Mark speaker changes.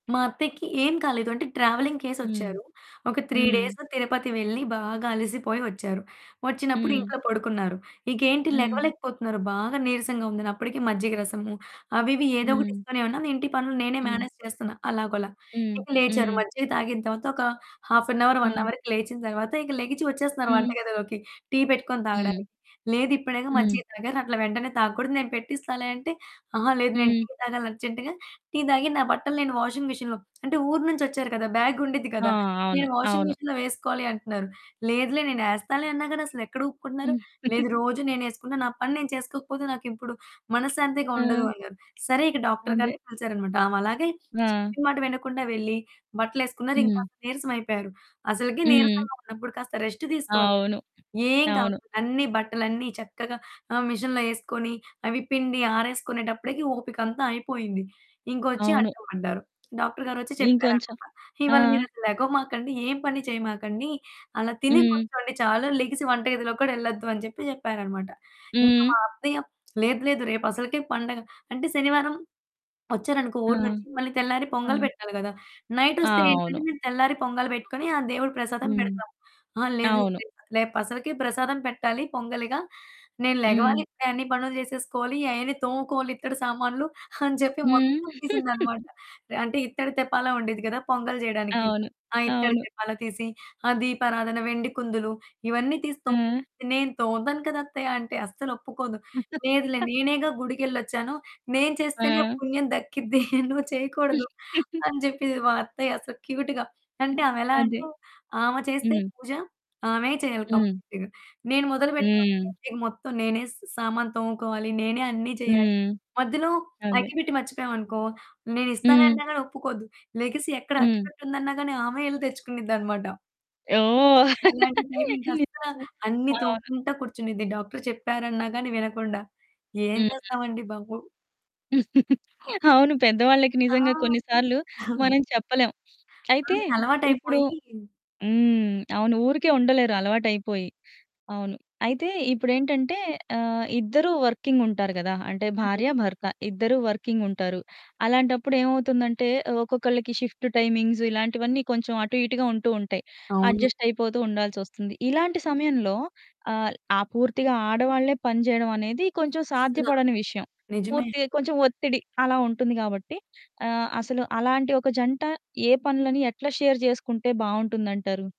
Speaker 1: మా అత్తయ్యకి ఏం కాలేదు అంటే, ట్రావెలింగ్
Speaker 2: హ్మ్.
Speaker 1: చేసొచ్చారు ఒక 3
Speaker 2: హ్మ్.
Speaker 1: డేస్ 'తిరుపతి' వెళ్ళి, బాగా అలిసిపోయి వచ్చారు. వచ్చినప్పుడు
Speaker 2: హ్మ్.
Speaker 1: ఇంట్లో పడుకున్నారు. ఇకేంటి
Speaker 2: హ్మ్.
Speaker 1: లెగవలేకపోతున్నారు బాగా నిరసంగుందని అప్పటికి మజ్జిగ రసము, అవి ఇవి ఏదో ఒకటి
Speaker 2: హ్మ్.
Speaker 1: ఇస్తనే ఉన్నాను. ఇంటి పనులు నేనే
Speaker 2: హ్మ్.
Speaker 1: మేనేజ్ చేస్తున్నా అలాగోలా.
Speaker 2: హ్మ్.
Speaker 1: ఇక లేచారు
Speaker 2: హ్మ్.
Speaker 1: మజ్జిగ తాగిన తరువాత ఒక హాఫ్ ఎన్ హౌర్, 1
Speaker 2: హ్మ్.
Speaker 1: హౌర్‌కి లేచిన తరువాత, ఇక లెగిచి వచ్చేస్తున్నారు
Speaker 2: హ్మ్.
Speaker 1: వంటగదిలోకి టీ పెట్టుకొని
Speaker 2: హ్మ్.
Speaker 1: తాగడానికి. లేదిప్పుడేగా
Speaker 2: హ్మ్.
Speaker 1: మజ్జిగ తాగారు అట్లా వెంటనే తాగకూడదు నేను పెట్టిస్తాలే అంటే, "ఆహా! లేదు నేను
Speaker 2: హ్మ్.
Speaker 1: టీ తాగాలి అర్జెంట్‌గా టీ తాగి, నా బట్టలు వాషింగ్ మెషిన్‌లో" అంటే ఊరు నుంచోచ్చారు కదా! బ్యాగుండిద్ది
Speaker 2: ఆ!
Speaker 1: కదా!
Speaker 2: అవును.
Speaker 1: "నేను వాషింగ్
Speaker 2: అవును.
Speaker 1: మెషిన్‌లో వేసుకోవాలి" అంటున్నారు, "లేదులే నేను ఎస్తాలే" అన్నా గాని అసలు ఎక్కడ ఊపుకుంటున్నారు,
Speaker 2: హ్మ్.
Speaker 1: "లేదు రోజు నేను ఏసుకున్న నా పని నేను చేసుకోకపోతే నాకిప్పుడు మనశాంతిగా ఉండదు"
Speaker 2: ఆ!
Speaker 1: అన్నారు. సరే ఇక డాక్టర్
Speaker 2: అదే.
Speaker 1: గారిని పిలిచారు అన్నమాట, ఆమలాగే
Speaker 2: ఆ!
Speaker 1: చెప్పిన మాట వినకుండా వెళ్లి, బట్టలేసుకున్నారు ఇంక
Speaker 2: హ్మ్.
Speaker 1: నీరసం అయిపోయారు. అసలకి
Speaker 2: హ్మ్.
Speaker 1: నీరసంగా ఉన్నప్పుడు కాస్త రెస్ట్ తీసుకోవాలి కదా!
Speaker 2: అవును.
Speaker 1: ఏం
Speaker 2: అవును.
Speaker 1: కాకుండా అన్ని బట్టలన్నీ చక్కగా ఆహ్, మెషిన్‌లో ఎసుకొని అవి పిండి ఆరేసుకునేటప్పుడికి ఓపికంత అయిపోయింది. ఇంకొచ్చి
Speaker 2: అవును.
Speaker 1: అడ్డం పడ్డారు, డాక్టర్ గారు ఒచ్చి
Speaker 2: ఇంకొంచెం.
Speaker 1: చెప్పారనమాట,
Speaker 2: ఆ!
Speaker 1: "ఇవాళ మీరసలు లెగవమాకండి, ఏం పని చేయమాకండి. అలా తిని
Speaker 2: హ్మ్.
Speaker 1: కూర్చోండి చాలు. లెగిసి వంట గదిలోకి కూడా ఎళ్లొద్దు" అని చెప్పి చెప్పారన్నమాట. ఇంక
Speaker 2: హ్మ్.
Speaker 1: మా అత్తయ్య "లేదు లేదు, రేపు అసలుకే పండగ." అంటే శనివారం వచ్చారనుకో
Speaker 2: ఆ!
Speaker 1: ఊరు నుంచి మళ్ళీ తెల్లారి
Speaker 2: ఆ!
Speaker 1: పొంగల్ పెట్టాలి కదా! నైటోస్తే ఏంటంటే
Speaker 2: అవును.
Speaker 1: నేను తెల్లారి పొంగల్ పెట్టుకొని, ఆ దేవుడు ప్రసాదం
Speaker 2: హ్మ్.
Speaker 1: పెడతాం. "అహా! లేదు
Speaker 2: అవును.
Speaker 1: రెప రేపసలకే ప్రసాదం పెట్టాలి, పొంగలిగా నేను లెగవాలి
Speaker 2: హ్మ్.
Speaker 1: ఇప్పుడే అన్ని పనులు చేసేసుకోవాలి. అయన్నీ తోముకోవాలి ఇత్తడి సామాన్లు" అని చెప్పి
Speaker 2: హ్మ్.
Speaker 1: మొత్తం తీసింది అన్నమాట. ఎ అంటే ఇత్తడి తెప్పాలం ఉండేది గదా! పొంగల్ చేయడానికి,
Speaker 2: అవును
Speaker 1: ఆ ఇత్తడి
Speaker 2: అవును.
Speaker 1: తెప్పాల తీసి ఆ దీపారాధన, వెండి కుందులు ఇవన్నీ తీసి తోము
Speaker 2: ఆ!
Speaker 1: "నేను తోముతాను కదా! అత్తయ్య" అంటే అస్సలు ఒప్పుకోదు. "లేదులే నేనేగా గుడికెళ్లొచ్చాను, నేను చేస్తేనే
Speaker 2: ఆ!
Speaker 1: పుణ్యం దక్కిద్ది నువ్వు చేయకూడదు" అని చెప్పెది మా అత్తయ్య అసలు క్యూట్‌గ. అంటే ఆమె ఎలా
Speaker 2: అదే.
Speaker 1: అంటే, ఆమ చేస్తే
Speaker 2: హ్మ్.
Speaker 1: పూజ ఆమె చేయాలి
Speaker 2: హ్మ్.
Speaker 1: కంప్లీట్‌గా. నేను మొదలు
Speaker 2: హ్మ్.
Speaker 1: పెట్టాననుకోండి, మొత్తం నేనే సా సా సామాను తోముకోవాలి, నేనే అన్ని చేయాలి.
Speaker 2: హ్మ్.
Speaker 1: మధ్యలో
Speaker 2: అదే.
Speaker 1: అగ్గిపెట్టి మర్చిపోయామనుకో నేనిస్తాలే
Speaker 2: హ్మ్.
Speaker 1: అన్న గానీ ఒప్పుకోదు. లెగిసి ఎక్కడ
Speaker 2: హ్మ్.
Speaker 1: అగ్గిపెట్టి ఉందన్నా గానీ ఆమె ఎళ్లి తెచ్చుకునిద్ది అన్నమాట.
Speaker 2: ఓహ్!
Speaker 1: అలాంటి టైమింగ్ అస్సలా
Speaker 2: నిజంగా
Speaker 1: అన్ని
Speaker 2: అవును.
Speaker 1: తొముకుంట కూర్చునిది, డాక్టర్ చెప్పారన్న గానీ వినకుండా. ఏం
Speaker 2: హ్మ్.
Speaker 1: చేస్తాం అండి బాబు!
Speaker 2: అవును, పెద్దవాళ్ళకి నిజంగా
Speaker 1: ఆ!
Speaker 2: కొన్ని సార్లు మనం చెప్పలేం. అయితే
Speaker 1: ఆమెకి
Speaker 2: ఇప్పుడు
Speaker 1: అలవాటైపోయి.
Speaker 2: హ్మ్, అవును ఊరికే ఉండలేరు అలవాటు అయిపోయి. అవును, అయితే ఇప్పుడేంటంటే ఆహ్, ఇద్దరు వర్కింగ్ ఉంటారు కదా! అంటే
Speaker 1: హ్మ్.
Speaker 2: భార్య, భర్త ఇద్దరూ వర్కింగ్ ఉంటారు. అలాంటప్పుడు ఏమవుతుందంటే ఒక్కొక్కళ్ళకి షిఫ్టు టైమింగ్స్ ఇలాంటివన్నీ కొంచెం అటు ఇటుగా ఉంటూ ఉంటాయి.
Speaker 1: అవును.
Speaker 2: అడ్జస్ట్ అయిపోతూ ఉండాల్సొస్తుంది. ఇలాంటి సమయంలో ఆహ్, ఆ పూర్తిగా ఆడవాళ్ళే పని చేయడం అనేది కొంచెం
Speaker 1: అస్సలా.
Speaker 2: సాధ్యపడని విషయం.
Speaker 1: నిజమే.
Speaker 2: పూర్తిగా కొంచెం ఒత్తిడి అలా ఉంటుంది గాబట్టి, ఆహ్, అసలు అలాంటి ఒక జంట ఏ పనులని ఎట్లా షేర్ చేసుకుంటే బావుంటుందంటారు?